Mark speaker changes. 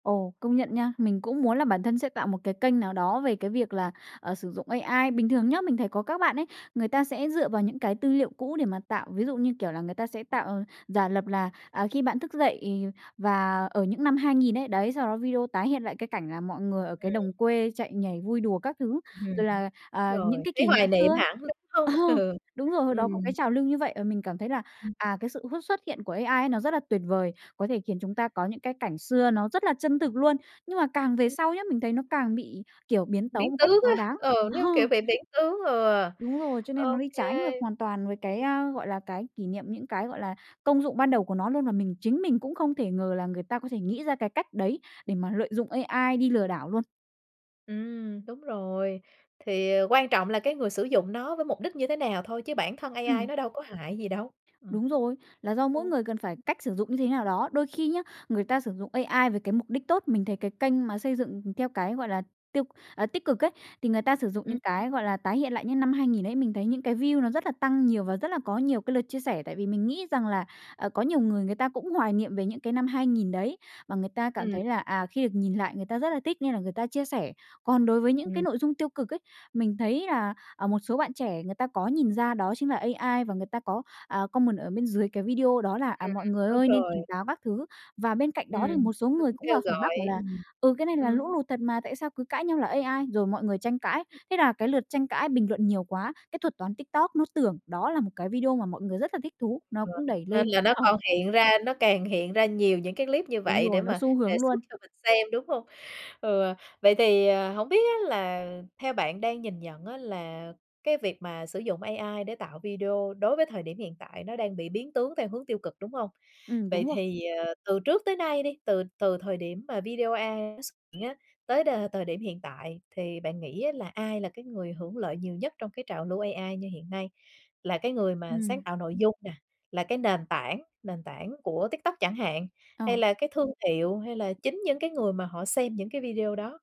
Speaker 1: Ồ, công nhận nha, mình cũng muốn là bản thân sẽ tạo một cái kênh nào đó về cái việc là, à, sử dụng AI. Bình thường nhớ, mình thấy có các bạn ấy, người ta sẽ dựa vào những cái tư liệu cũ để mà tạo, ví dụ như kiểu là người ta sẽ tạo giả lập là, à, khi bạn thức dậy và ở những năm 2000 ấy. Đấy, sau đó video tái hiện lại cái cảnh là mọi người ở
Speaker 2: Ừm.
Speaker 1: cái đồng quê chạy nhảy vui đùa các thứ,
Speaker 2: Ừm,
Speaker 1: rồi
Speaker 2: đúng
Speaker 1: là, à, những
Speaker 2: rồi,
Speaker 1: cái
Speaker 2: thấy
Speaker 1: kỷ niệm
Speaker 2: hoài
Speaker 1: xưa
Speaker 2: niệm
Speaker 1: ấy.
Speaker 2: hẳn đúng hông?
Speaker 1: Ờ, đúng rồi, hồi đó có cái
Speaker 2: Ừm.
Speaker 1: trào lưu như vậy và mình cảm thấy là,
Speaker 2: Ừm.
Speaker 1: à, cái sự x xuất hiện của AI nó rất là tuyệt vời, có thể khiến chúng ta có những cái cảnh xưa nó rất là chân thực luôn, nhưng mà càng về sau nhớ, mình thấy nó càng bị, kiểu, biến tấu
Speaker 2: Biến
Speaker 1: một cách
Speaker 2: tướng
Speaker 1: quá
Speaker 2: á,
Speaker 1: đáng.
Speaker 2: ờ,
Speaker 1: Ờ.
Speaker 2: như kiểu bị biến tướng, ừ,
Speaker 1: Đúng rồi, cho nên nó
Speaker 2: OK.
Speaker 1: đi trái ngược hoàn toàn với cái
Speaker 2: Ừm.
Speaker 1: à, gọi là, cái kỷ niệm, những cái, gọi là, công dụng ban đầu của nó luôn, và mình chính mình cũng không thể ngờ là người ta có thể nghĩ ra cái cách đấy để mà lợi dụng AI đi lừa đảo luôn.
Speaker 2: Ừm, đúng rồi, thì quan trọng là cái người sử dụng nó với mục đích như thế nào thôi chứ bản thân AI
Speaker 1: Ừm.
Speaker 2: nó đâu có hại gì đâu? Ừm,
Speaker 1: Đúng rồi, là do
Speaker 2: ừ.
Speaker 1: mỗi người cần phải cách sử dụng như thế nào đó. Đôi khi nhá, người ta sử dụng AI với cái mục đích tốt, mình thấy cái kênh mà xây dựng theo cái, gọi là, tiêu à, tích cực ấy, thì người ta sử dụng
Speaker 2: Ừm.
Speaker 1: những cái, gọi là, tái hiện lại những năm 2000 ấy, mình thấy những cái view nó rất là tăng nhiều và rất là có nhiều cái lượt chia sẻ, tại vì mình nghĩ rằng là, ờ, có nhiều người người ta cũng hoài nghiệm về những cái năm 2000 đấy, và người ta cảm
Speaker 2: Ừm.
Speaker 1: thấy là, à, khi được nhìn lại người ta rất là thích nên là người ta chia sẻ. Còn đối với những cái
Speaker 2: Ừm.
Speaker 1: nội dung tiêu cực ấy, mình thấy là, à, một số bạn trẻ người ta có nhìn ra đó chính là AI và người ta có, à, comment ở bên dưới cái video đó là, à,
Speaker 2: Ừm,
Speaker 1: mọi người
Speaker 2: đúng
Speaker 1: ơi nên tỉnh
Speaker 2: rồi.
Speaker 1: táo các thứ, và bên cạnh đó thì
Speaker 2: Ừm,
Speaker 1: một số
Speaker 2: tôi
Speaker 1: người
Speaker 2: cũng
Speaker 1: cũng
Speaker 2: kêu
Speaker 1: vào phản
Speaker 2: gọi
Speaker 1: bác bảo là,
Speaker 2: ừm,
Speaker 1: ừ, cái này là
Speaker 2: ừm.
Speaker 1: lũ lụt thật mà, tại sao cứ cãi nhau là AI, rồi mọi người tranh cãi, thế là cái lượt tranh cãi bình luận nhiều quá, cái thuật toán TikTok nó tưởng đó là một cái video mà mọi người rất là thích thú, nó
Speaker 2: Ừ,
Speaker 1: cũng đẩy
Speaker 2: nên
Speaker 1: lên.
Speaker 2: là nó
Speaker 1: Ờ.
Speaker 2: còn hiện ra, nó càng hiện ra nhiều những cái clip như
Speaker 1: Đúng
Speaker 2: vậy để
Speaker 1: rồi, nó
Speaker 2: mà
Speaker 1: xu
Speaker 2: đề
Speaker 1: hướng
Speaker 2: xuất
Speaker 1: luôn.
Speaker 2: cho mình xem, đúng hông? Ờ, vậy thì, ờ, hổng biết á là theo bạn đang nhìn nhận á, là cái việc mà sử dụng AI để tạo video đối với thời điểm hiện tại nó đang bị biến tướng theo hướng tiêu cực, đúng hông?
Speaker 1: Ừm,
Speaker 2: Vậy
Speaker 1: đúng rồi.
Speaker 2: thì, ờ, từ trước tới nay đi, từ từ thời điểm mà video AI nó xuất hiện á tới đ thời điểm hiện tại thì bạn nghĩ á là ai là cái người hưởng lợi nhiều nhất trong cái trào lưu AI như hiện nay? Là cái người mà sáng
Speaker 1: Ừm.
Speaker 2: tạo nội dung nè, là cái nền tảng nền tảng của TikTok chẳng hạn, hay
Speaker 1: À.
Speaker 2: là cái thương hiệu hay là chính những cái người mà họ xem những cái video đó?